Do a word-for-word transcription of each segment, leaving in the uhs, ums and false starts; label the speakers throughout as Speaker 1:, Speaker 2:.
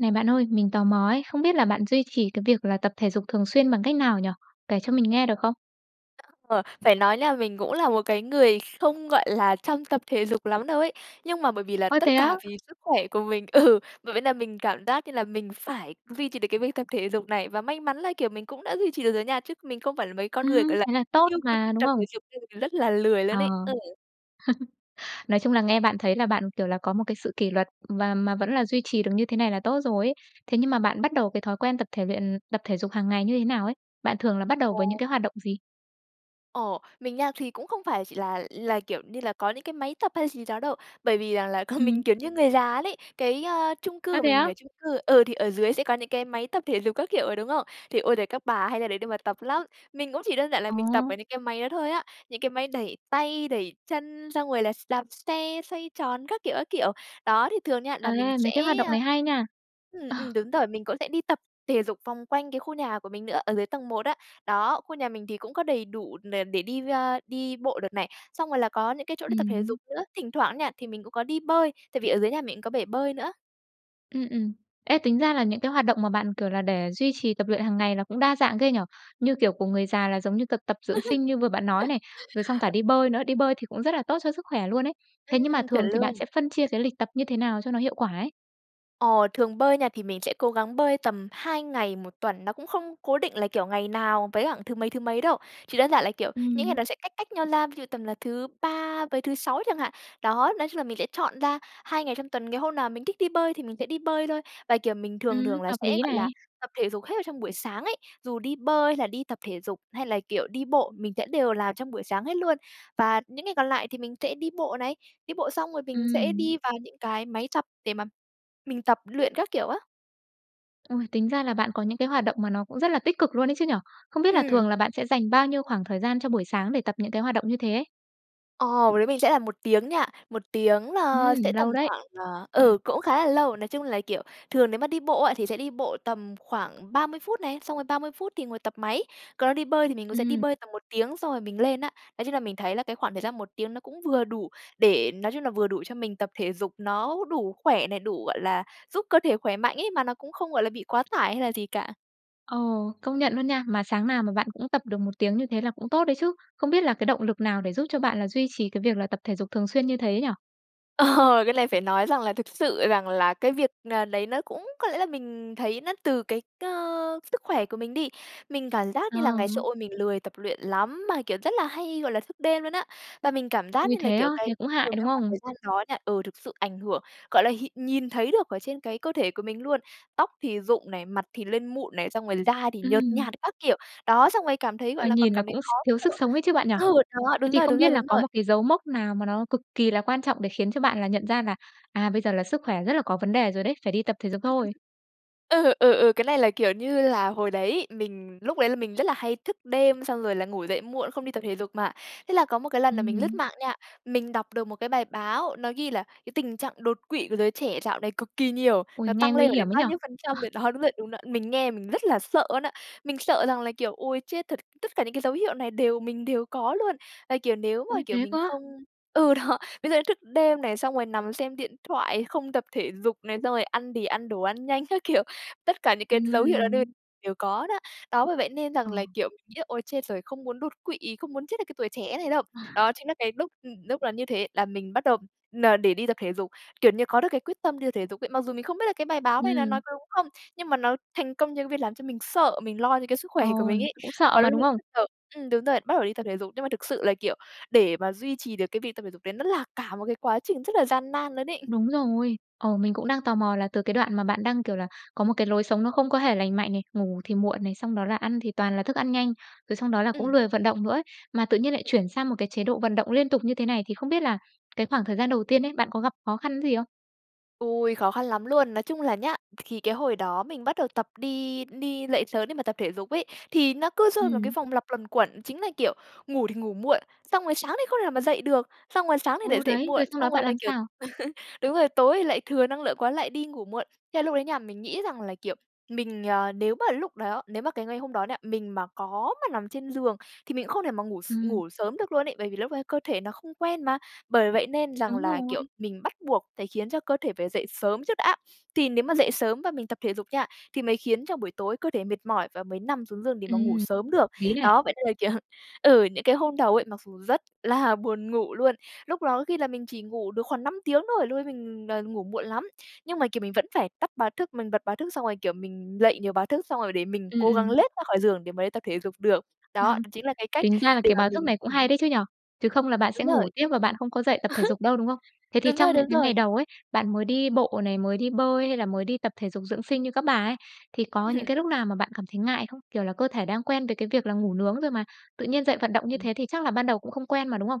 Speaker 1: Này bạn ơi, mình tò mò ấy, không biết là bạn duy trì cái việc là tập thể dục thường xuyên bằng cách nào nhỉ? Kể cho mình nghe được không?
Speaker 2: [unintelligible] Phải nói nha, mình cũng là một cái người không, gọi là, chăm tập thể dục lắm đâu ấy nhưng mà bởi vì là
Speaker 1: Ôi, thế
Speaker 2: tất
Speaker 1: á?
Speaker 2: cả vì sức khỏe của mình, ừ, bởi vậy là mình cảm giác như là mình phải duy trì được cái việc tập thể dục này. Và may mắn là, kiểu, mình cũng đã duy trì được rồi nha, chứ mình không phải là mấy con người,
Speaker 1: Ừm,
Speaker 2: gọi là,
Speaker 1: thế là tốt
Speaker 2: yêu quý
Speaker 1: mà,
Speaker 2: việc
Speaker 1: đúng
Speaker 2: tập thể
Speaker 1: không?
Speaker 2: dục nên là mình rất là lười
Speaker 1: Ờ.
Speaker 2: luôn ấy. Ừ.
Speaker 1: Nói chung là nghe bạn thấy là bạn, kiểu, là có một cái sự kỷ luật và mà vẫn là duy trì được như thế này là tốt rồi ấy. Thế nhưng mà bạn bắt đầu cái thói quen tập thể luyện tập thể dục hàng ngày như thế nào ấy? Bạn thường là bắt đầu
Speaker 2: Ờ.
Speaker 1: với những cái hoạt động gì?
Speaker 2: Ồ, mình nha, thì cũng không phải chỉ là là, kiểu như là, có những cái máy tập hay gì đó đâu bởi vì rằng là còn mình
Speaker 1: Ừm.
Speaker 2: kiểu như người già luôn ấy, cái, a, chung cư
Speaker 1: Ơ,
Speaker 2: của
Speaker 1: thế
Speaker 2: mình mình
Speaker 1: á?
Speaker 2: ở chung cư, ừ, thì ở dưới sẽ có những cái máy tập thể dục các kiểu ấy, đúng không? Thì, ôi giời, các bà hay ra đấy để mà tập lắm. Mình cũng chỉ đơn giản là
Speaker 1: Ờ.
Speaker 2: mình tập ở những cái máy đó thôi á, những cái máy đẩy tay, đẩy chân, xong rồi là s đạp xe đạp xe, xoay tròn, các kiểu, các kiểu. Đó, thì thường nha, là mình
Speaker 1: Ê,
Speaker 2: sẽ
Speaker 1: mấy cái hoạt động này hay nha.
Speaker 2: ừm,
Speaker 1: Ờ.
Speaker 2: ừm, đúng rồi, mình cũng sẽ đi tập thể dục vòng quanh cái khu nhà của mình nữa, ở dưới tầng một á. Đó, khu nhà mình thì cũng có đầy đủ đ để đi ra đi bộ đợt này, xong rồi là có những cái chỗ đi tập thể
Speaker 1: Ừm.
Speaker 2: dục nữa. Thỉnh thoảng nha, thì mình cũng có đi bơi, tại vì ở dưới nhà mình cũng có bể bơi nữa.
Speaker 1: Ừm, ừm. Ê, tính ra là những cái hoạt động mà bạn, kiểu là, để duy trì tập luyện hằng ngày là cũng đa dạng ghê nhỉ? Như kiểu của người già là giống như tập tập dưỡng sinh như vừa bạn nói này, rồi xong cả đi bơi nữa. Đi bơi thì cũng rất là tốt cho sức khỏe luôn ấy. Thế nhưng mà
Speaker 2: Ừm, chuẩn
Speaker 1: thường thì bạn
Speaker 2: luôn.
Speaker 1: sẽ phân chia cái lịch tập như thế nào cho nó hiệu quả ấy?
Speaker 2: Ờ, thường bơi nha, thì mình sẽ cố gắng bơi tầm hai ngày một tuần. Nó cũng không cố định là, kiểu, ngày nào với cả thứ mấy, thứ mấy đâu. Chỉ đơn giản là, kiểu, những ngày
Speaker 1: Ừm.
Speaker 2: đó sẽ cách cách nhau ra. Ví dụ tầm là thứ Ba với thứ Sáu chẳng hạn. Đó, nói chung là mình sẽ chọn ra hai ngày trong tuần, ngày hôm nào mình thích đi bơi thì mình sẽ đi bơi thôi. Và, kiểu, mình thường
Speaker 1: Ừm,
Speaker 2: thường là
Speaker 1: hợp
Speaker 2: sẽ,
Speaker 1: lý
Speaker 2: gọi là,
Speaker 1: này.
Speaker 2: tập thể dục hết vào trong buổi sáng ấy. Dù đi bơi hay là đi tập thể dục hay là, kiểu, đi bộ, mình sẽ đều làm trong buổi sáng hết luôn. Và những ngày còn lại thì mình sẽ đi bộ này. Đi bộ xong rồi mình sẽ
Speaker 1: Ừm.
Speaker 2: đi vào những cái máy tập để mà mình tập luyện các kiểu, á.
Speaker 1: Ôi, tính ra là bạn có những cái hoạt động mà nó cũng rất là tích cực luôn ấy chứ nhỉ. Không biết là
Speaker 2: Hừm.
Speaker 1: thường là bạn sẽ dành bao nhiêu khoảng thời gian cho buổi sáng để tập những cái hoạt động như thế ấy?
Speaker 2: Ồ, đối với mình sẽ là một tiếng nha. một tiếng là
Speaker 1: Ừm,
Speaker 2: sẽ
Speaker 1: lâu
Speaker 2: tầm
Speaker 1: đấy.
Speaker 2: khoảng, ờ, ừ, cũng khá là lâu. Nói chung là, kiểu, thường nếu mà đi bộ á, thì sẽ đi bộ tầm khoảng ba mươi phút này. Xong rồi ba mươi phút thì ngồi tập máy. Còn đó đi bơi thì mình cũng sẽ đi
Speaker 1: Ừm.
Speaker 2: bơi tầm một tiếng xong rồi mình lên, á. Nói chung là mình thấy là cái khoảng thời gian một tiếng nó cũng vừa đủ để, nói chung là vừa đủ cho mình tập thể dục. Nó đủ khỏe này, đủ, gọi là, giúp cơ thể khỏe mạnh, ấy, mà nó cũng không, gọi là, bị quá tải hay là gì cả.
Speaker 1: Ờ, công nhận luôn nha. Mà sáng nào mà bạn cũng tập được một tiếng như thế là cũng tốt đấy chứ. Không biết là cái động lực nào để giúp cho bạn là duy trì cái việc là tập thể dục thường xuyên như thế nhỉ?
Speaker 2: Ờ, cái lày phải nói rằng là thực sự rằng là cái việc n đấy nó cũng có lẽ là mình thấy nó từ cái cơ sức khỏe của mình đi. Mình cảm giác
Speaker 1: Ờ.
Speaker 2: như là ngày xưa, ôi, mình lười tập luyện lắm, mà, kiểu, rất là hay, gọi là, thức đêm luôn á. Bà mình cảm giác
Speaker 1: Ui
Speaker 2: như là,
Speaker 1: thế á,
Speaker 2: kiểu, cái
Speaker 1: thế cũng
Speaker 2: từ
Speaker 1: hại, đúng
Speaker 2: cái khoảng
Speaker 1: không?
Speaker 2: thời gian đó nha, ừ, thực sự ảnh hưởng, gọi là, hiện nhìn thấy được ở trên cái cơ thể của mình luôn. Tóc thì rụng này, mặt thì lên mụn này, xong rồi da thì nhợt
Speaker 1: Ừm.
Speaker 2: nhạt các kiểu. Đó, xong rồi cảm thấy,
Speaker 1: Ờ,
Speaker 2: gọi là, còn
Speaker 1: nhìn là
Speaker 2: cảm thấy
Speaker 1: cũng s
Speaker 2: khó
Speaker 1: thiếu sức
Speaker 2: thở.
Speaker 1: sống ấy chứ bạn nhỉ?
Speaker 2: Ừ, đó,
Speaker 1: Thế
Speaker 2: đúng
Speaker 1: thì
Speaker 2: rồi,
Speaker 1: không
Speaker 2: đúng rồi,
Speaker 1: biết là
Speaker 2: đúng
Speaker 1: có
Speaker 2: rồi!
Speaker 1: một cái dấu mốc nào mà nó cực kỳ là quan trọng để khiến cho bạn là nhận ra là, à, bây giờ là sức khỏe rất là có vấn đề rồi đấy, phải đi tập thể dục thôi?
Speaker 2: Ừ, ừ, ừ, cái này là, kiểu như là, hồi đấy mình lúc lấy là mình rất là hay thức đêm xong rồi là ngủ dậy muộn, không đi tập thể dục mà. Thế là có một cái lần là mình lướt
Speaker 1: Ừm.
Speaker 2: mạng nha, mình đọc được một cái bài báo, nó ghi là "cái tình trạng đột quỵ của giới trẻ dạo này cực kỳ nhiều,
Speaker 1: Ôi,
Speaker 2: nó
Speaker 1: nghe
Speaker 2: tăng
Speaker 1: nguy
Speaker 2: lên phải
Speaker 1: hiểm
Speaker 2: đến
Speaker 1: ấy nhỉ!
Speaker 2: bao nhiêu phần
Speaker 1: Ờ.
Speaker 2: trăm rồi" đó, đúng rồi, đúng đó! Mình nghe mình rất là sợ luôn á, mình sợ rằng là, kiểu: "ôi, chết thật, tất cả những cái dấu hiệu này đều mình đều có luôn". Là, kiểu, nếu mà,
Speaker 1: Ui,
Speaker 2: kiểu,
Speaker 1: thế
Speaker 2: mình
Speaker 1: cơ á?
Speaker 2: không ừ, đó, ví dụ như thức đêm này, xong rồi nằm xem điện thoại, không tập thể dục này, xong rồi ăn thì ăn đồ ăn nhanh các kiểu. Tất cả những cái dấu hiệu đó đều
Speaker 1: Ừm.
Speaker 2: đều có đó. Đó, bởi vậy nên
Speaker 1: Ờ.
Speaker 2: rằng là, kiểu, mình nghĩ là "ôi, chết rồi, không muốn đột quỵ, không muốn chết ở cái tuổi trẻ thế này đâu". Đó chính là cái lúc, ừm, lúc là như thế là mình bắt đầu là n để đi tập thể dục, kiểu như, có được cái quyết tâm đi thể dục ấy. Mặc dù mình không biết là cái bài báo này nó
Speaker 1: Ừm.
Speaker 2: nói có đúng không, nhưng mà nó thành công cho cái việc làm cho mình sợ, mình lo cho cái sức khỏe của mình
Speaker 1: Ồn,
Speaker 2: ấy.
Speaker 1: cũng sợ
Speaker 2: Có
Speaker 1: mà,
Speaker 2: lúc
Speaker 1: đúng
Speaker 2: mình
Speaker 1: không?
Speaker 2: rất sợ ửm, đúng rồi, bắt đầu đi tập thể dục. Nhưng mà thực sự là, kiểu, để mà duy trì được cái việc tập thể dục đấy nó là cả một cái quá trình rất là gian nan luôn ấy!
Speaker 1: Đúng rồi. Ờ, mình cũng đang tò mò là từ cái đoạn mà bạn đang, kiểu là, có một cái lối sống nó không có hề lành mạnh này, ngủ thì muộn này, xong đó là ăn thì toàn là thức ăn nhanh, rồi xong đó là cũng
Speaker 2: Ừm.
Speaker 1: lười vận động nữa á, mà tự nhiên lại chuyển sang một cái chế độ vận động liên tục như thế này thì không biết là cái khoảng thời gian đầu tiên ấy, bạn có gặp khó khăn gì không?
Speaker 2: Ôi, khó khăn lắm luôn! Nói chung là nhá, th khì cái hồi đó mình bắt đầu tập đi đi lậy sớm để mà tập thể dục ấy, thì nó cứ rơi vào cái
Speaker 1: Ừm.
Speaker 2: vòng lặp luẩn quẩn. Chính là kiểu ngủ thì ngủ muộn, xong rồi sáng thì không thể nào mà dậy được, xong rồi sáng thì lại
Speaker 1: Ô,
Speaker 2: dậy
Speaker 1: đấy.
Speaker 2: muộn,
Speaker 1: Rồi xong đó
Speaker 2: xong rồi
Speaker 1: bạn
Speaker 2: là,
Speaker 1: làm
Speaker 2: kiểu
Speaker 1: sao?
Speaker 2: đúng rồi, tối thì lại thừa năng lượng quá lại đi ngủ muộn. Thế là lúc đấy nha, mình nghĩ rằng là, kiểu, mình ờ, nếu mà lúc đó nếu mà cái ngày hôm đó nha, mình mà có mà nằm trên giường thì mình cũng không thể mà ngủ s
Speaker 1: Ừm.
Speaker 2: ngủ sớm được luôn ấy, bởi vì lúc ấy cơ thể nó không quen mà. Bởi vậy nên rằng
Speaker 1: Đúng
Speaker 2: là, kiểu,
Speaker 1: rồi.
Speaker 2: mình bắt buộc phải khiến cho cơ thể phải dậy sớm trước đã. Thì nếu mà dậy sớm và mình tập thể dục nha, thì mới khiến cho buổi tối cơ thể mệt mỏi và mới nằm xuống giường để mà ngủ
Speaker 1: Ừm,
Speaker 2: sớm
Speaker 1: hợp
Speaker 2: được.
Speaker 1: lý này.
Speaker 2: Đó, vậy nên là, kiểu ừ, những cái hôm đầu ấy, mặc dù rất là buồn ngủ luôn, lúc đó có khi là mình chỉ ngủ được khoảng năm tiếng thôi, lúc ấy mình, ờ, ngủ muộn lắm, nhưng mà, kiểu, mình vẫn phải tắt báo thức, mình bật báo thức xong rồi kiểu mình lậy nhiều báo thức xong rồi để mình
Speaker 1: Ừm,
Speaker 2: cố gắng
Speaker 1: ừm.
Speaker 2: lết ra khỏi giường để mà đi tập thể dục được.
Speaker 1: Ờ.
Speaker 2: Đó, đó chính là cái cách
Speaker 1: Tính ra là
Speaker 2: để
Speaker 1: cái
Speaker 2: mà
Speaker 1: báo thức
Speaker 2: mình
Speaker 1: này cũng
Speaker 2: ừm.
Speaker 1: hay đấy chứ nhỉ. Chứ không là bạn
Speaker 2: Đúng
Speaker 1: sẽ ngủ
Speaker 2: rồi.
Speaker 1: tiếp và bạn không có dậy tập thể dục đâu, đúng không? Thế thì
Speaker 2: Đúng rồi,
Speaker 1: trong những
Speaker 2: đúng
Speaker 1: cái ngày
Speaker 2: rồi.
Speaker 1: đầu ấy, bạn mới đi bộ này, mới đi bơi hay là mới đi tập thể dục dưỡng sinh như các bà ấy, thì có những
Speaker 2: Ừm.
Speaker 1: cái lúc nào mà bạn cảm thấy ngại không? Kiểu là cơ thể đang quen với cái việc là ngủ nướng rồi mà, tự nhiên dậy vận động như
Speaker 2: Ừm.
Speaker 1: thế thì chắc là ban đầu cũng không quen mà, đúng không?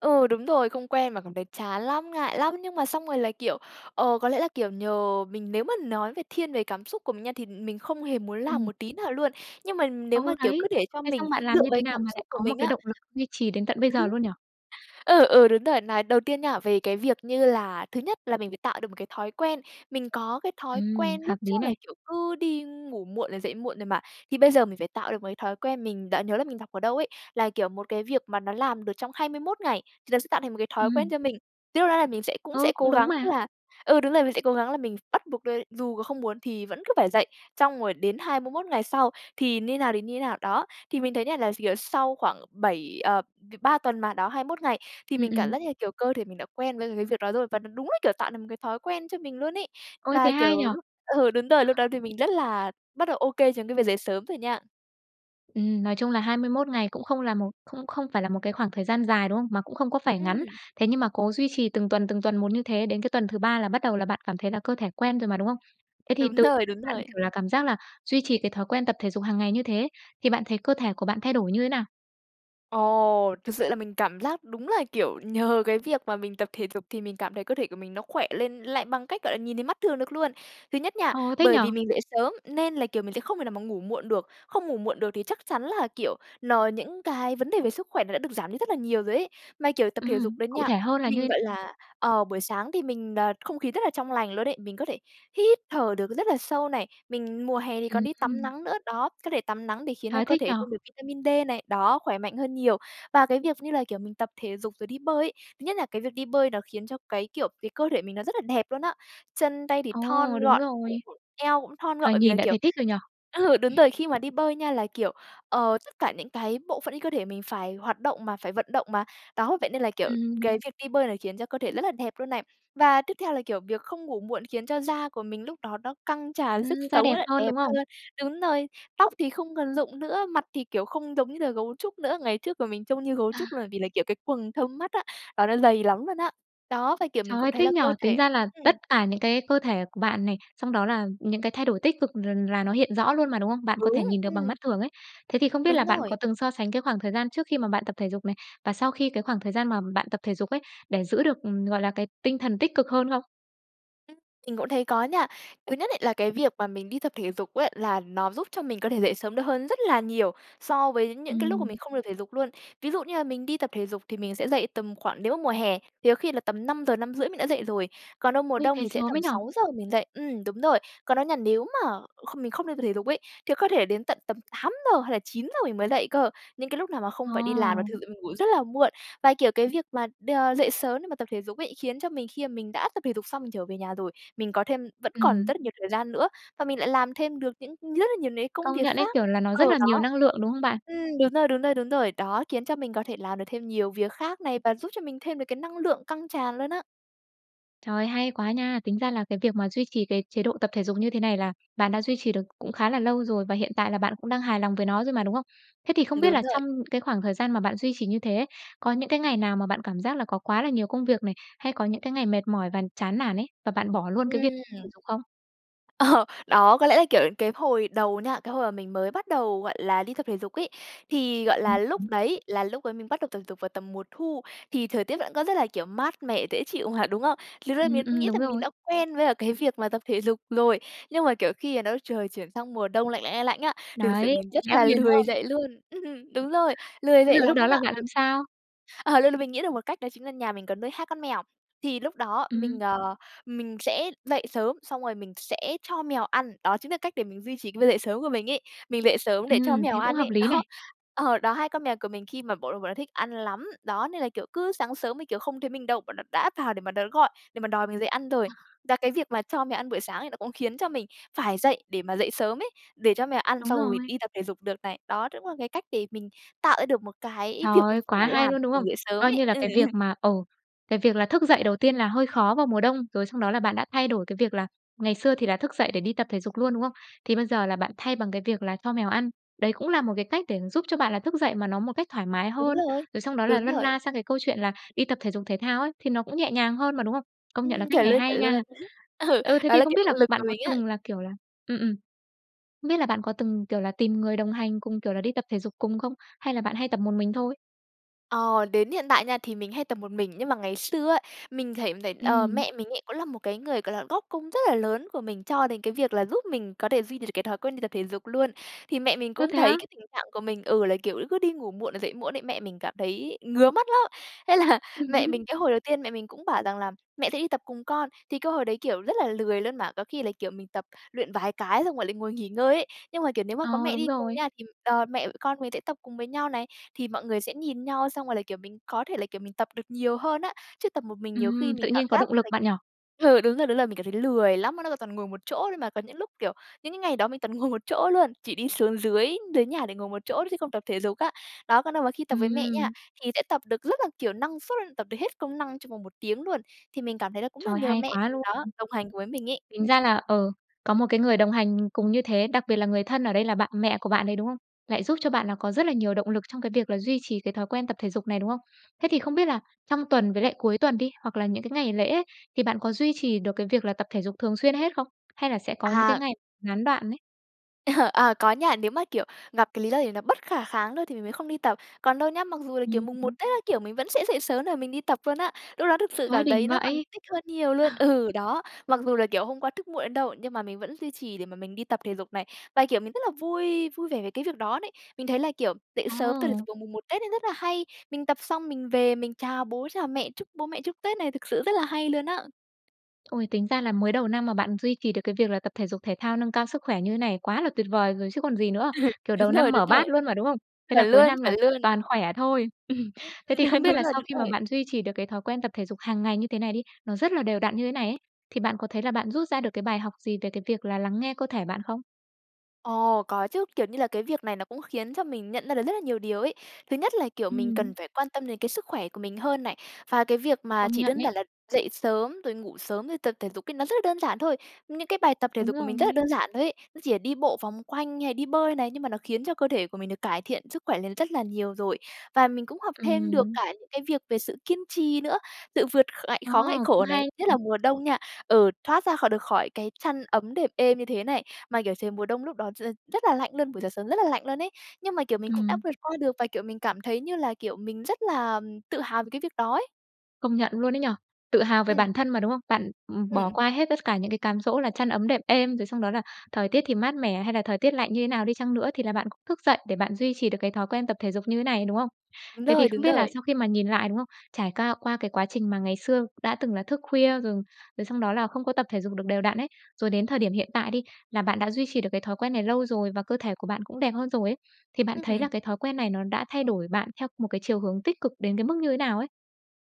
Speaker 2: Ừ, đúng rồi. Không quen mà cảm thấy chán lắm, ngại lắm. Nhưng mà xong rồi là, kiểu, ờ có lẽ là, kiểu, nhờ mình nếu mà nói về thiên về cảm xúc của mình nha thì mình không hề muốn làm
Speaker 1: Ừm.
Speaker 2: một tí nào luôn. Nhưng mà nếu
Speaker 1: Ờ,
Speaker 2: mà, kiểu,
Speaker 1: đấy.
Speaker 2: cứ để cho
Speaker 1: Thế
Speaker 2: mình
Speaker 1: xong bạn
Speaker 2: dựa
Speaker 1: làm
Speaker 2: vào
Speaker 1: như thế
Speaker 2: cái
Speaker 1: nào
Speaker 2: cảm
Speaker 1: mà lại
Speaker 2: xúc của
Speaker 1: có một
Speaker 2: mình
Speaker 1: cái
Speaker 2: á
Speaker 1: động lực duy trì đến tận bây giờ luôn nhỉ?
Speaker 2: Ừ, ừ, đúng rồi. Nói đầu tiên nha, về cái việc như là thứ nhất, là mình phải tạo được một cái thói quen. Mình có cái thói
Speaker 1: Ừm,
Speaker 2: quen
Speaker 1: hợp
Speaker 2: lúc trước
Speaker 1: lý
Speaker 2: là,
Speaker 1: này.
Speaker 2: kiểu, cứ đi ngủ muộn rồi dậy muộn rồi mà. Thì bây giờ mình phải tạo được một cái thói quen mình đã nhớ là mình đọc ở đâu ấy, là kiểu, một cái việc mà nó làm được trong hai mươi mốt ngày, thì nó sẽ tạo thành một cái thói quen
Speaker 1: Ừm.
Speaker 2: cho mình. Trước đây, là mình sẽ cũng
Speaker 1: Ờ,
Speaker 2: sẽ
Speaker 1: cũng
Speaker 2: cố
Speaker 1: đúng
Speaker 2: gắng
Speaker 1: mà.
Speaker 2: là ừ, đúng rồi, mình sẽ cố gắng là mình ph bắt buộc, ơ, dù có không muốn thì vẫn cứ phải dậy xong rồi đến hai mươi mốt ngày sau thì như thế nào thì như thế nào, đó. Thì mình thấy nha, là s kiểu, sau khoảng bảy, ờ v ba tuần mà, đó hai mốt ngày thì
Speaker 1: Ừm,
Speaker 2: mình cảm
Speaker 1: ừm.
Speaker 2: giác như, kiểu, cơ thể mình đã quen với cái việc đó rồi. Và nó đúng là, kiểu, tạo được một cái thói quen cho mình luôn ấy.
Speaker 1: Ôi, thế
Speaker 2: Và,
Speaker 1: hay nhỉ.
Speaker 2: kiểu, lúc ừ, đúng rồi, lúc đó thì mình rất là bắt đầu ô kê trong cái việc dậy sớm rồi nha.
Speaker 1: Ừm, nói chung là hai mươi mốt ngày cũng không là một không không phải là một cái khoảng thời gian dài, đúng không? Mà cũng không có phải ngắn.
Speaker 2: Ừm.
Speaker 1: Thế nhưng mà cố duy trì từng tuần, từng tuần một như thế, đến cái tuần thứ ba là bắt đầu là bạn cảm thấy là cơ thể quen rồi mà, đúng không? Thế thì
Speaker 2: Đúng
Speaker 1: từ
Speaker 2: rồi, đúng
Speaker 1: bạn,
Speaker 2: rồi.
Speaker 1: kiểu là, cảm giác là duy trì cái thói quen tập thể dục hằng ngày như thế, thì bạn thấy cơ thể của bạn thay đổi như thế nào?
Speaker 2: Ồ! Thực sự là mình cảm giác đúng là, kiểu, nhờ cái việc mà mình tập thể dục thì mình cảm thấy cơ thể của mình nó khỏe lên lại bằng cách, gọi là, nhìn thấy mắt thường được luôn. Thứ nhất nha,
Speaker 1: Ồ, thích nhỉ!
Speaker 2: bởi vì mình dậy sớm nên là, kiểu, mình sẽ không thể nào mà ngủ muộn được, không ngủ muộn được thì chắc chắn là, kiểu, nó những cái vấn đề về sức khỏe nó đã được giảm đi rất là nhiều rồi ấy. Mà, kiểu, tập thể dục
Speaker 1: Ừm,
Speaker 2: đó
Speaker 1: cụ
Speaker 2: nha,
Speaker 1: thể hơn là
Speaker 2: mình,
Speaker 1: như
Speaker 2: gọi là, ờ, buổi sáng thì mình, ờ, không khí rất là trong lành luôn ấy, mình có thể hít thở được rất là sâu này. Mình mùa hè thì còn đi tắm
Speaker 1: Ừm.
Speaker 2: nắng nữa, đó, có thể tắm nắng để khiến cho
Speaker 1: Trời,
Speaker 2: cơ
Speaker 1: thích nhỉ!
Speaker 2: thể thêm được vitamin D này, đó, khỏe mạnh hơn nhiều. Và cái việc như là, kiểu, mình tập thể dục rồi đi bơi ấy, thứ nhất là cái việc đi bơi nó khiến cho cái, kiểu, cái cơ thể mình nó rất là đẹp luôn á. Chân tay thì
Speaker 1: Ồ,
Speaker 2: thon
Speaker 1: đúng
Speaker 2: gọn, bụng
Speaker 1: rồi.
Speaker 2: [unintelligible] eo cũng thon gọn
Speaker 1: Thoạt
Speaker 2: bởi vì là
Speaker 1: nhìn đã
Speaker 2: kiểu
Speaker 1: thấy thích rồi nhỉ?
Speaker 2: ừ, đúng rồi, khi mà đi bơi nha là, kiểu, ờ, tất cả những cái bộ phận trên cơ thể mình phải hoạt động mà, phải vận động mà. Đó, vậy nên là, kiểu,
Speaker 1: Ừm.
Speaker 2: cái việc đi bơi này khiến cho cơ thể rất là đẹp luôn này. Và tiếp theo là, kiểu, việc không ngủ muộn khiến cho da của mình lúc đó nó căng tràn sức
Speaker 1: Ừm, da
Speaker 2: sống
Speaker 1: đẹp
Speaker 2: á,
Speaker 1: hơn,
Speaker 2: đẹp
Speaker 1: đúng không?
Speaker 2: hơn, đúng rồi, tóc thì không còn rụng nữa, mặt thì kiểu không giống như là gấu trúc nữa. Ngày trước mặt mình trông như gấu
Speaker 1: À.
Speaker 2: trúc là vì là, kiểu, cái quầng thâm mắt á, đó, nó dày lắm luôn á. Đó, và, kiểu, mình
Speaker 1: Trời
Speaker 2: cũng
Speaker 1: ơi,
Speaker 2: thấy
Speaker 1: thích
Speaker 2: là
Speaker 1: nhỉ!
Speaker 2: cơ
Speaker 1: Tính
Speaker 2: thể
Speaker 1: ra là
Speaker 2: ừm.
Speaker 1: tất cả những cái cơ thể của bạn này, xong đó là những cái thay đổi tích cực l là nó hiện rõ luôn mà, đúng không? Bạn có thể
Speaker 2: Đúng,
Speaker 1: nhìn được bằng mắt
Speaker 2: ừm.
Speaker 1: thường ấy. Thế thì không biết là
Speaker 2: Đúng
Speaker 1: bạn có
Speaker 2: rồi.
Speaker 1: từng so sánh cái khoảng thời gian trước khi mà bạn tập thể dục này, và sau khi cái khoảng thời gian mà bạn tập thể dục ấy, để giữ được, ừm, gọi là, cái tinh thần tích cực hơn không?
Speaker 2: Mình cũng thấy có nha. Thứ nhất ấy, là cái việc mà mình đi tập thể dục á, là nó giúp cho mình có thể dậy sớm được hơn rất là nhiều so với những cái lúc mà
Speaker 1: Ừm.
Speaker 2: mình không được thể dục luôn. Ví dụ như là mình đi tập thể dục thì mình sẽ dậy tầm khoảng nếu mà mùa hè thì có khi là tầm năm giờ, năm rưỡi mình đã dậy rồi. Còn đâu mùa
Speaker 1: Ôi,
Speaker 2: đông
Speaker 1: dậy
Speaker 2: thì sẽ
Speaker 1: sớm
Speaker 2: tầm
Speaker 1: ấy nhỉ?
Speaker 2: sáu giờ mình dậy ừm, đúng rồi. Còn đó nha nếu mà kh mình không đi tập thể dục ấy, thì có thể đến tận tầm tám giờ hay là chín giờ mình mới dậy cơ. Những cái lúc nào mà không phải đi làm là
Speaker 1: Ờ.
Speaker 2: thực sự mình ngủ rất là muộn. Và, kiểu, cái việc mà đ dậy sớm để mà tập thể dục ấy, khiến cho mình khi mà mình đã tập thể dục xong mình trở về nhà rồi, mình có thêm vẫn còn
Speaker 1: Ừm.
Speaker 2: rất là nhiều thời gian nữa, và mình lại làm thêm được những rất là nhiều những cái công
Speaker 1: Công
Speaker 2: việc
Speaker 1: nhận ấy,
Speaker 2: khác
Speaker 1: kiểu, là nó
Speaker 2: ờ,
Speaker 1: rất là nhiều
Speaker 2: đó.
Speaker 1: năng lượng, đúng không bạn?
Speaker 2: Ừm, đúng rồi, đúng rồi, đúng rồi. Đó, khiến cho mình có thể làm được thêm nhiều việc khác này và giúp cho mình thêm được cái năng lượng căng tràn luôn á.
Speaker 1: Trời ơi, hay quá nha! Tính ra là cái việc mà duy trì cái chế độ tập thể dục như thế này là bạn đã duy trì được cũng khá là lâu rồi và hiện tại là bạn cũng đang hài lòng với nó rồi mà, đúng không? Thế thì không biết
Speaker 2: Đúng
Speaker 1: là trong
Speaker 2: rồi.
Speaker 1: cái khoảng thời gian mà bạn duy trì như thế, có những cái ngày nào mà bạn cảm giác là có quá là nhiều công việc này, hay có những cái ngày mệt mỏi và chán nản ấy, và bạn bỏ luôn cái việc thể
Speaker 2: Ừm.
Speaker 1: dục không?
Speaker 2: Ờ, đó, có lẽ là, kiểu, cái hồi đầu nha, cái hồi mà mình mới bắt đầu, gọi là, đi tập thể dục ấy, thì, gọi là, lúc
Speaker 1: [unintelligible]
Speaker 2: đấy là lúc đấy mình bắt đầu tập thể dục vào tầm mùa thu thì thời tiết vẫn có rất là, kiểu, mát mẻ, dễ chịu mà, đúng không? Lúc đấy
Speaker 1: Ừm,
Speaker 2: mình cũng
Speaker 1: ừm,
Speaker 2: nghĩ
Speaker 1: đúng
Speaker 2: rằng mình
Speaker 1: rồi.
Speaker 2: đã quen với cả cái việc mà tập thể dục rồi, nhưng mà, kiểu, khi nó trời chuyển sang mùa đông lạnh, lạnh, lạnh, lạnh á, thì thực sự
Speaker 1: Đấy,
Speaker 2: mình rất
Speaker 1: méo
Speaker 2: là
Speaker 1: liền, đúng
Speaker 2: lười
Speaker 1: không?
Speaker 2: dậy luôn. Ừm, đúng rồi, lười
Speaker 1: Thế
Speaker 2: dậy
Speaker 1: rồi lúc
Speaker 2: lắm
Speaker 1: đó
Speaker 2: luôn
Speaker 1: là
Speaker 2: ạ.
Speaker 1: bạn làm
Speaker 2: [unintelligible]
Speaker 1: sao?
Speaker 2: À, luôn là mình nghĩ được một cách đó chính là nhà mình có nuôi hai con mèo, thì lúc đó mình,
Speaker 1: Ừm.
Speaker 2: ờ, mình sẽ dậy sớm, xong rồi mình sẽ cho mèo ăn, đó chính là cách để mình duy trì cái việc dậy sớm của mình ấy, mình dậy sớm để cho
Speaker 1: Ừm,
Speaker 2: mèo
Speaker 1: thế cũng
Speaker 2: ăn
Speaker 1: hợp
Speaker 2: ấy,
Speaker 1: lý này.
Speaker 2: đó ờ, đó, hai con mèo của mình khi mà bọn bọn nó thích ăn lắm, đó, nên là, kiểu, cứ sáng sớm nên, kiểu, không thấy mình đâu, bọn nó đã vào để mà nó gọi để mà đòi mình dậy ăn rồi. Đà cái việc mà cho mèo ăn buổi sáng ấy, nó cũng khiến cho mình phải dậy để mà dậy sớm ấy, để cho mèo ăn
Speaker 1: Đúng
Speaker 2: xong rồi mình
Speaker 1: rồi.
Speaker 2: đi tập thể dục được này, đó cũng là cái cách để mình tạo ra được một cái
Speaker 1: Trời
Speaker 2: việc
Speaker 1: ơi,
Speaker 2: mình phải
Speaker 1: quá hay
Speaker 2: làm,
Speaker 1: luôn, đúng
Speaker 2: mình
Speaker 1: không?
Speaker 2: dậy sớm
Speaker 1: Coi
Speaker 2: ấy,
Speaker 1: như là
Speaker 2: ừm.
Speaker 1: cái việc mà, ừ, cái việc là thức dậy đầu tiên là hơi khó vào mùa đông, rồi xong đó là bạn đã thay đổi cái việc là ngày xưa thì là thức dậy để đi tập thể dục luôn, đúng không? Thì bây giờ là bạn thay bằng cái việc là cho mèo ăn, đấy cũng là một cái cách để giúp cho bạn là thức dậy mà nó một cách thoải mái
Speaker 2: Đúng
Speaker 1: hơn,
Speaker 2: rồi,
Speaker 1: rồi xong đó là
Speaker 2: đúng
Speaker 1: lân
Speaker 2: rồi.
Speaker 1: la sang cái câu chuyện là đi tập thể dục thể thao ấy, thì nó cũng nhẹ nhàng hơn mà, đúng không? Công nhận là
Speaker 2: Ừm,
Speaker 1: cách
Speaker 2: chuẩn
Speaker 1: này
Speaker 2: luôn,
Speaker 1: hay
Speaker 2: chuẩn luôn.
Speaker 1: nha!
Speaker 2: Ừ,
Speaker 1: Ừ, thế
Speaker 2: đó
Speaker 1: thì
Speaker 2: là
Speaker 1: không
Speaker 2: cái
Speaker 1: biết
Speaker 2: động
Speaker 1: là
Speaker 2: lực
Speaker 1: bạn
Speaker 2: của
Speaker 1: có
Speaker 2: mình á!
Speaker 1: từng là, kiểu là ừm, ừm, không biết là bạn có từng, kiểu là, tìm người đồng hành cùng, kiểu là, đi tập thể dục cùng không? Hay là bạn hay tập một mình thôi?
Speaker 2: Ờ, đến hiện tại nha thì mình hay tập một mình, nhưng mà ngày xưa á, mình thấy thấy, ờ,
Speaker 1: Ừm.
Speaker 2: mẹ mình ấy cũng là một cái người, gọi là, góp công rất là lớn của mình cho đến cái việc là giúp mình có thể duy đ được cái thói quen đi tập thể dục luôn. Thì mẹ mình
Speaker 1: Ơ,
Speaker 2: cũng
Speaker 1: thế á?
Speaker 2: thấy cái tình trạng của mình ừ, là kiểu cứ đi ngủ muộn là dậy muộn ấy, mẹ mình cảm thấy ngứa mắt lắm. Thế là mẹ mình cái hồi đầu tiên mẹ mình cũng bảo rằng là "Mẹ sẽ đi tập cùng con." Thì cái hồi đấy, kiểu, rất là lười luôn mà, có khi là, kiểu, mình tập luyện vài cái xong rồi lại ngồi nghỉ ngơi ấy. Nhưng mà kiểu nếu mà có
Speaker 1: Ờ,
Speaker 2: mẹ
Speaker 1: đúng
Speaker 2: đi cùng
Speaker 1: rồi.
Speaker 2: nha, thì, ờ, mẹ con mình sẽ tập cùng với nhau này, thì mọi người sẽ nhìn nhau, xong rồi là, kiểu, mình có thể là, kiểu, mình tập được nhiều hơn á. Chứ tập một mình nhiều khi
Speaker 1: Ừm,
Speaker 2: mình
Speaker 1: tự
Speaker 2: cảm
Speaker 1: nhiên có
Speaker 2: giác
Speaker 1: động
Speaker 2: như là
Speaker 1: lực bạn nhỉ?
Speaker 2: ừ, đúng rồi, đúng rồi, mình cảm thấy lười lắm. Nó nó toàn ngồi một chỗ thôi mà, có những lúc, kiểu, những cái ngày đó mình toàn ngồi một chỗ luôn, chỉ đi xuống dưới dưới nhà để ngồi một chỗ thôi chứ không tập thể dục á. Đó, còn đâu mà khi tập với mẹ nha,
Speaker 1: Ừm.
Speaker 2: thì sẽ tập được rất là, kiểu, năng suất, tập được hết công năng trong vòng một tiếng luôn. Thì mình cảm thấy là cũng là
Speaker 1: Trời,
Speaker 2: nhờ
Speaker 1: hay
Speaker 2: mẹ
Speaker 1: quá
Speaker 2: mình
Speaker 1: luôn!
Speaker 2: đó, đồng hành với mình ấy.
Speaker 1: Tính ra là, ờ, có một cái người đồng hành cùng như thế, đặc biệt là người thân, ở đây là bạn mẹ của bạn đấy, đúng không? Lại giúp cho bạn là có rất là nhiều động lực trong cái việc là duy trì cái thói quen tập thể dục này, đúng không? Thế thì không biết là trong tuần với lại cuối tuần đi, hoặc là những cái ngày lễ ấy, thì bạn có duy trì được cái việc là tập thể dục thường xuyên hết không? Hay là sẽ có những cái
Speaker 2: À.
Speaker 1: ngày gián đoạn ấy?
Speaker 2: Ờ. À, có nha. Nếu mà, kiểu, gặp cái lý do gì nó bất khả kháng thôi, thì mình mới không đi tập. Còn đâu nhá, mặc dù là, kiểu,
Speaker 1: Ừm
Speaker 2: Mùng 1
Speaker 1: hứm.
Speaker 2: Tết các kiểu mình vẫn sẽ dậy sớm để mình đi tập luôn á, lúc đó thực sự
Speaker 1: Trời ơi,
Speaker 2: cảm
Speaker 1: đỉnh
Speaker 2: thấy nó còn
Speaker 1: vậy!
Speaker 2: thích hơn nhiều luôn. Ừ, đó. Mặc dù là, kiểu, hôm qua thức muộn đến đâu, nhưng mà mình vẫn duy trì để mà mình đi tập thể dục này, và, kiểu, mình rất là vui vui vẻ về cái việc đó đấy. Mình thấy là, kiểu, dậy sớm tập thể
Speaker 1: Ồ!
Speaker 2: dục vào Mùng 1 Tết ấy rất là hay, mình tập xong mình về, mình chào bố, chào mẹ, chúc bố mẹ, chúc Tết này thực sự rất là hay luôn á.
Speaker 1: Ôi, tính ra là mới đầu năm mà bạn duy trì được cái việc là tập thể dục thể thao, nâng cao sức khỏe như thế này quá là tuyệt vời rồi chứ còn gì nữa.
Speaker 2: Ừ.
Speaker 1: Kiểu, đầu
Speaker 2: Đúng
Speaker 1: năm
Speaker 2: rồi, đúng
Speaker 1: mở bát
Speaker 2: rồi.
Speaker 1: luôn mà, đúng không? Thế là
Speaker 2: Chuẩn
Speaker 1: cuối
Speaker 2: luôn,
Speaker 1: năm
Speaker 2: chuẩn
Speaker 1: là
Speaker 2: luôn!
Speaker 1: toàn khỏe thôi.
Speaker 2: Ưm.
Speaker 1: Thế thì
Speaker 2: Ờ,
Speaker 1: không biết
Speaker 2: đúng
Speaker 1: là
Speaker 2: rồi,
Speaker 1: sau khi
Speaker 2: đúng
Speaker 1: mà
Speaker 2: rồi.
Speaker 1: bạn duy trì được cái thói quen tập thể dục hằng ngày như thế này đi, nó rất là đều đặn như thế này ấy, thì bạn có thấy là bạn rút ra được cái bài học gì về cái việc là lắng nghe cơ thể bạn không?
Speaker 2: Ồ, có chứ. Kiểu như là cái việc này nó cũng khiến cho mình nhận ra được rất là nhiều điều ấy. Thứ nhất là, kiểu, mình
Speaker 1: Ừm.
Speaker 2: cần phải quan tâm đến cái sức khỏe của mình hơn này, và cái việc mà
Speaker 1: Công
Speaker 2: chỉ
Speaker 1: nhận
Speaker 2: đơn
Speaker 1: ấy.
Speaker 2: giản là dậy sớm, rồi ngủ sớm, rồi tập thể dục ấy nó rất là đơn giản thôi. Những cái bài tập thể
Speaker 1: Đúng
Speaker 2: dục của mình rất là
Speaker 1: rồi.
Speaker 2: đơn giản thôi ấy, nó chỉ là đi bộ vòng quanh, hay là đi bơi này nhưng mà nó khiến cho cơ thể của mình được cải thiện sức khỏe lên rất là nhiều rồi. Và mình cũng học thêm được
Speaker 1: Ừm.
Speaker 2: cả những cái việc về sự kiên trì nữa, tự vượt kh ngại
Speaker 1: Ờ.
Speaker 2: khó, ngại
Speaker 1: Cũng
Speaker 2: khổ này.
Speaker 1: hay.
Speaker 2: Nhất là mùa đông nha, ừ, thoát ra khỏi được khỏi cái chăn ấm đệm êm như thế này, mà, kiểu, trời mùa đông lúc đó t rất là lạnh luôn, buổi sáng sớm rất là lạnh luôn ấy nhưng mà, kiểu, mình cũng đã
Speaker 1: Ừm.
Speaker 2: vượt qua được và, kiểu, mình cảm thấy như là, kiểu, mình rất là tự hào về cái việc đó ấy.
Speaker 1: Công nhận luôn ấy nhỉ. Tự hào về
Speaker 2: Ừm.
Speaker 1: bản thân mà, đúng không? Bạn, ừm, bỏ
Speaker 2: Ừm.
Speaker 1: qua hết tất cả những cái cám dỗ là chăn ấm đệm êm, rồi xong đó là thời tiết thì mát mẻ, hay là thời tiết lạnh như thế nào đi chăng nữa thì là bạn cũng thức dậy để bạn duy trì được cái thói quen tập thể dục như thế này, đúng không?
Speaker 2: Đúng
Speaker 1: Thế thì
Speaker 2: rồi,
Speaker 1: không
Speaker 2: đúng
Speaker 1: biết là
Speaker 2: rồi.
Speaker 1: sau khi mà nhìn lại, đúng không? Trải ca qua cái quá trình mà ngày xưa đã từng là thức khuya rồi, rồi xong đó là không có tập thể dục được đều đặn ấy, rồi đến thời điểm hiện tại đi, là bạn đã duy trì được cái thói quen này lâu rồi và cơ thể của bạn cũng đẹp hơn rồi ấy, thì bạn thấy
Speaker 2: Ừm.
Speaker 1: là cái thói quen này nó đã thay đổi bạn theo một cái chiều hướng tích cực đến cái mức như thế nào ấy?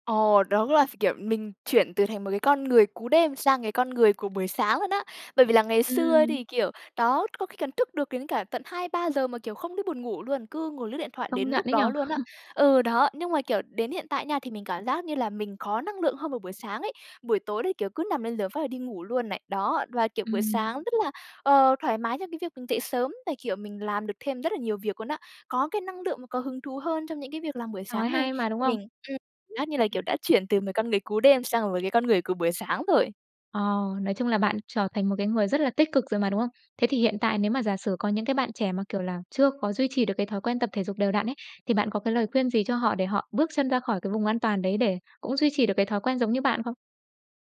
Speaker 2: Ồ, đó là, kiểu, mình chuyển từ thành một cái con người cú đêm sang cái con người của buổi sáng luôn á. Bởi vì là ngày xưa
Speaker 1: Ừm.
Speaker 2: thì, kiểu, đó, có khi cần thức được đến cả tận hai ba giờ mà, kiểu, không biết buồn ngủ luôn, cứ ngồi lướt điện thoại đến
Speaker 1: Công nhận
Speaker 2: lúc
Speaker 1: ấy nhỉ?
Speaker 2: đó luôn, á. Ờ, đó, nhưng mà, kiểu, đến hiện tại, nha, thì mình cảm giác như là mình có năng lượng hơn vào buổi sáng ấy, buổi tối đấy, kiểu, cứ nằm lên giường phát là đi ngủ luôn này, đó. Và, kiểu, buổi
Speaker 1: Ừm.
Speaker 2: sáng rất là, ờ, thoải mái trong cái việc mình dậy sớm và, kiểu, mình làm được thêm rất là nhiều việc luôn, á. Có cái năng lượng và có hứng thú hơn trong những cái việc làm buổi
Speaker 1: Trời
Speaker 2: sáng này.
Speaker 1: hay mà, đúng
Speaker 2: Thì
Speaker 1: không?
Speaker 2: mình ừm, cảm giác như là,
Speaker 1: Ừm.
Speaker 2: kiểu, đã chuyển từ một con người cú đêm sang một cái con người của buổi sáng rồi.
Speaker 1: Ờ, nói chung là bạn trở thành một cái người rất là tích cực rồi mà, đúng không? Thế thì hiện tại
Speaker 2: Ừm.
Speaker 1: nếu mà giả sử có những cái bạn trẻ mà, kiểu là, chưa có duy trì được cái thói quen tập thể dục đều đặn ấy, thì bạn có cái lời
Speaker 2: [unintelligible]
Speaker 1: khuyên gì cho họ để họ bước chân ra khỏi cái vùng an toàn đấy để cũng duy trì được cái thói quen giống như bạn không?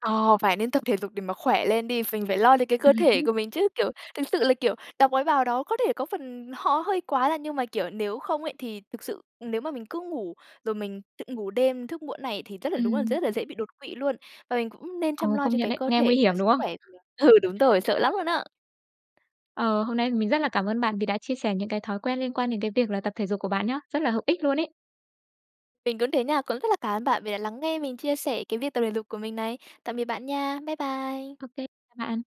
Speaker 2: Ờ, phải nên tập thể dục để mà khỏe lên đi! Phình phải lo cho cái cơ
Speaker 1: Ừm
Speaker 2: thể
Speaker 1: hứm.
Speaker 2: của mình chứ! Kiểu, thực sự là, kiểu, đọc mấy bào đó có thể có phần họ hơi quá là nhưng mà, kiểu, nếu không ấy, thì thực sự nếu mà mình cứ ngủ rồi mình tự ngủ đêm thức muộn này thì rất là đúng là
Speaker 1: Ừm.
Speaker 2: rất là dễ bị đột quỵ luôn. Và mình cũng nên
Speaker 1: Ờ,
Speaker 2: chăm lo
Speaker 1: công
Speaker 2: cho
Speaker 1: nhận
Speaker 2: cái
Speaker 1: đấy!
Speaker 2: cơ
Speaker 1: Nghe
Speaker 2: thể
Speaker 1: nguy
Speaker 2: và
Speaker 1: hiểm,
Speaker 2: sức
Speaker 1: đúng không?
Speaker 2: khỏe vừa ừ, đúng rồi, sợ lắm luôn, á!
Speaker 1: Ờ, hôm nay mình rất là cảm ơn bạn vì đã chia sẻ những cái thói quen liên quan đến cái việc là tập thể dục của bạn nhá! Rất là hữu ích luôn ấy.
Speaker 2: Mình cũng thế, nha, cũng rất là cảm ơn bạn vì đã lắng nghe mình chia sẻ cái việc tập thể dục của mình này. Tạm biệt bạn, nha. Bái bai.
Speaker 1: Ô kê, chào bạn.